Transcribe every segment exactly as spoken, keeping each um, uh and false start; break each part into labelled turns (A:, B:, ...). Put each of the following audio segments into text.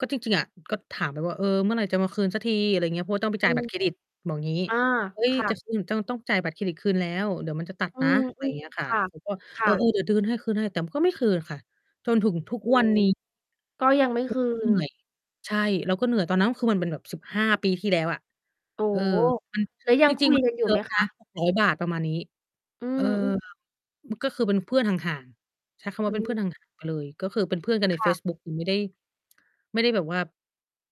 A: ก็จริง ๆ อะ ก็ถามไปว่า เออ เมื่อไหร่จะมาคืนสักที อะไรอย่างเงี้ย เพราะว่าต้องไป
B: อ
A: จ่
B: ื
A: ายบั
B: อ
A: ตรเครดิต บอกงี้
B: อา
A: เฮ้ย
B: ค่
A: จะ
B: ะ
A: คืนจ้อง ต้องจ่ายบัตรเครดิตคืนแล้ว เดี๋ยวมันจะตัด
B: อื
A: นะ
B: ม
A: อะไร
B: อื
A: อย่างเงี้ย
B: อ
A: ค่ะ
B: ๆ ค่ะ
A: ก็
B: ค
A: เอ
B: ่
A: อ เอ
B: ะ
A: อ เดี๋ยวเดิน ให้ คืนให้ แต่ก็ไม่คืนค่ะ จนถึงทุก
B: อื
A: วัน
B: อ
A: นี้
B: ก็ยังไม่
A: ก็
B: คืน
A: เหนื่อย ใช่ เราก็เหนื่อย ตอ
B: อ
A: น
B: ือ
A: นั
B: ฮ
A: ้นคือมันเป็น
B: ึ
A: แบบ สิบห้า ปีที่แล้วอะ
B: โอ้
A: เออ
B: โฮ
A: มัน
B: แล้วยั
A: จ
B: งค
A: ริ
B: ุ
A: ง
B: ย
A: ๆ มัน
B: กั
A: ไ
B: น
A: ม่
B: อยู
A: เ
B: ่
A: ยอ
B: ไหม
A: ะ
B: ค
A: นะ
B: ะ?
A: หกร้อย บาท ประมาณนี้
B: อื
A: เอ
B: ม
A: อ
B: อือ
A: ก็คือเป็นเพื่อนห่าง ๆ ใช้คำว
B: อ
A: ่
B: ื
A: าเป็นเพื่
B: ม
A: อน ห่าง ๆ ไปเลย ก็คือเป็นเพื่อนกันใน
B: ค
A: เ
B: ่
A: ฟ
B: ะ
A: ซบุ๊ก หนูไม่ได้ ไม่ได้แบบว่า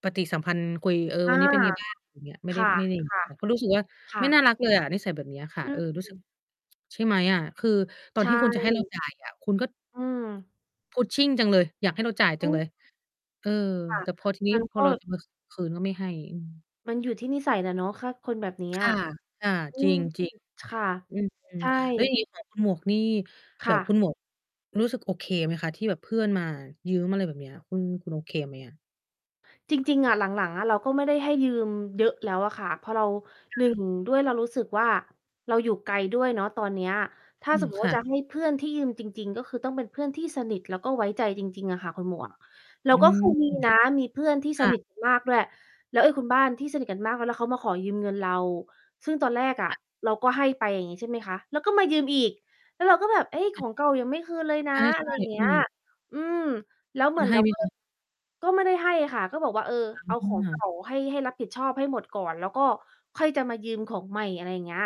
A: ปฏิสัมพันธ์คุย เออ
B: อ
A: ว
B: า
A: ันนี้เป็นไง บ้างอย่างเงี้ย ไม่ไ
B: ค
A: ด้
B: ่ะ
A: ไม่ได้ ก ก็
B: ๆ
A: รู้สึกว่า
B: ค่
A: ไม่น่า
B: ะ
A: รักเลยอะ นิสัยแบบนี้ค่
B: อ
A: ะ
B: ื
A: เออ รู้สึก
B: ม
A: ใช่ไหมอะ คือตอ
B: ใช
A: นที่คุณจะให้เรา
B: ่
A: จ่ายอะ คุณก็
B: อืม
A: Pushing จังเลย อยากให้เราจ่าย
B: อ
A: จั
B: ื
A: งเล
B: ม
A: ย เออ
B: ค่ะ
A: แต่พอทีนี
B: ม
A: ้
B: ัน
A: พ
B: ก
A: อ
B: ็
A: เรามา ค คืนก็ไม่ให้ อืม
B: มันอยู่ที่นิสัยแหละเนาะ ถ้าคนแบบเนี้
A: ค
B: ย
A: ่ะ ค่ะ
B: อื
A: จริ
B: ม
A: ง จริง
B: ค่ะ
A: อื
B: ใ
A: ม
B: ช่
A: แล้วอย่างงี้ของคุณหมวกนี่
B: ค
A: แบ
B: ่
A: บค
B: ะ
A: ุณหมวก รู้สึกโอเคไหมคะที่แบบเพื่อนมายืมอะไรแบบนี้ คุณ คุณโอเคไหมอะ?
B: จริง ๆ อะ หลัง ๆ อะ เราก็ไม่ได้ให้ยืมเยอะแล้วอะค่ะ พอเรา
A: ค
B: หนึ่
A: ่ะ
B: ง ด้วยเรารู้สึกว่า เราอยู่ไกลด้วยเนาะตอนเนี้ย ถ้า
A: อื
B: ส
A: ม
B: มมุต
A: ค
B: ิว่
A: ่
B: า
A: ะ
B: จะให้เพื่อนที่ยืมจริง ๆ ก็คือต้องเป็นเพื่อนที่สนิท แล้วก็ไว้ใจจริง ๆ อะค่ะคุณหมวก แล้
A: อื
B: วก็
A: ม
B: เคยมีนะมีเพื่อนที่
A: ค
B: ส
A: ่ะ
B: นิทกันมากด้วย แล้วไอ้คุณบ้านที่สนิทกันมากแล้วเขามาขอยืมเงินเรา ซึ่งตอนแรกอะ
A: ค่ะ
B: เราก็ให้ไปอย่างนี้ ใช่ไหมคะ แล้วก็มายืมอีก แล้วเราก็แบบ เฮ้ย
A: อ
B: ข
A: ืม
B: องเก่ายังไม่คืนเลยน
A: ใ
B: ะ อะ
A: ช
B: ไร
A: ่
B: อย่างเ
A: ๆ
B: ง
A: อ
B: ี
A: ื
B: ้ย
A: ม
B: อืม แล้ว
A: ค
B: เ
A: ุ
B: หมื
A: ณ
B: อน
A: ให
B: เ
A: ้
B: รา
A: ไหม
B: ก็
A: คะ?
B: ก็ไม่ได้ให้ค่ะ ก็บอกว่าเออ เอา
A: อื
B: ของเก่
A: ม
B: าให้ ให้รับผิดชอบให้หมดก่อน แล้วก็ค่อยจะมายืมของใหม่ อะไรอย่างเงี้ย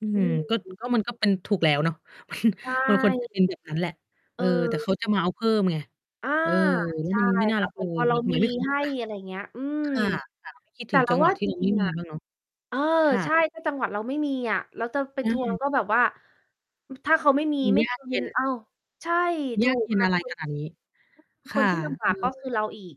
A: อื
B: อื
A: ม ก็
B: ม
A: ก็มันก็เป็นถูกแล้วเนาะ มัน
B: ใช
A: มันควร
B: ่
A: จะเป็นแบบนั้นแหละ เอ
B: เ
A: อ แต่เ
B: ออ
A: ขาจะมาเอาเพิ่มไง
B: อา
A: เออ แล้
B: ใ
A: ว
B: ช่
A: มันไม่น่า
B: ค่
A: รั
B: ะ
A: ก
B: เห
A: เ
B: ม
A: ล
B: ือนพ
A: ย
B: อเรา
A: ทำไ
B: ม
A: ม
B: ี
A: ไม่คืน
B: ให
A: ก่
B: ้
A: อนล่ะ
B: อะไรอย่างเงี้ย อืม
A: ค่ะ ค่ะ ไม่ คิด
B: แต
A: ถ
B: ่
A: ึง
B: เร
A: จ
B: า
A: ังห
B: ว
A: ว
B: ่
A: ะ
B: า
A: ที
B: จ
A: ่เรา
B: ร
A: ไ
B: ิ
A: ม
B: ง
A: ่
B: ๆ
A: ม
B: อ
A: ี
B: ะ
A: บ้างเนาะ
B: เออ
A: ค่
B: ใช
A: ะ
B: ่ ถ้าจังหวะเราไม่มีอะ เราจะไป
A: อื
B: ทวง
A: ม
B: ก็แบบว่า อ ถ้าเขาไม่มี
A: มัน
B: ไม่
A: ย
B: ค
A: าก
B: ื
A: เย็
B: น
A: น
B: อ้าว ใช่ ถ
A: ย
B: ู
A: าก
B: ก
A: เย็น
B: ค่ะ
A: อะไร
B: คุณ
A: ขนาด นี้
B: ค
A: ค่
B: น
A: ะ
B: ที่ ลำบ
A: เอ
B: ากก็คื
A: อ
B: อเราอีก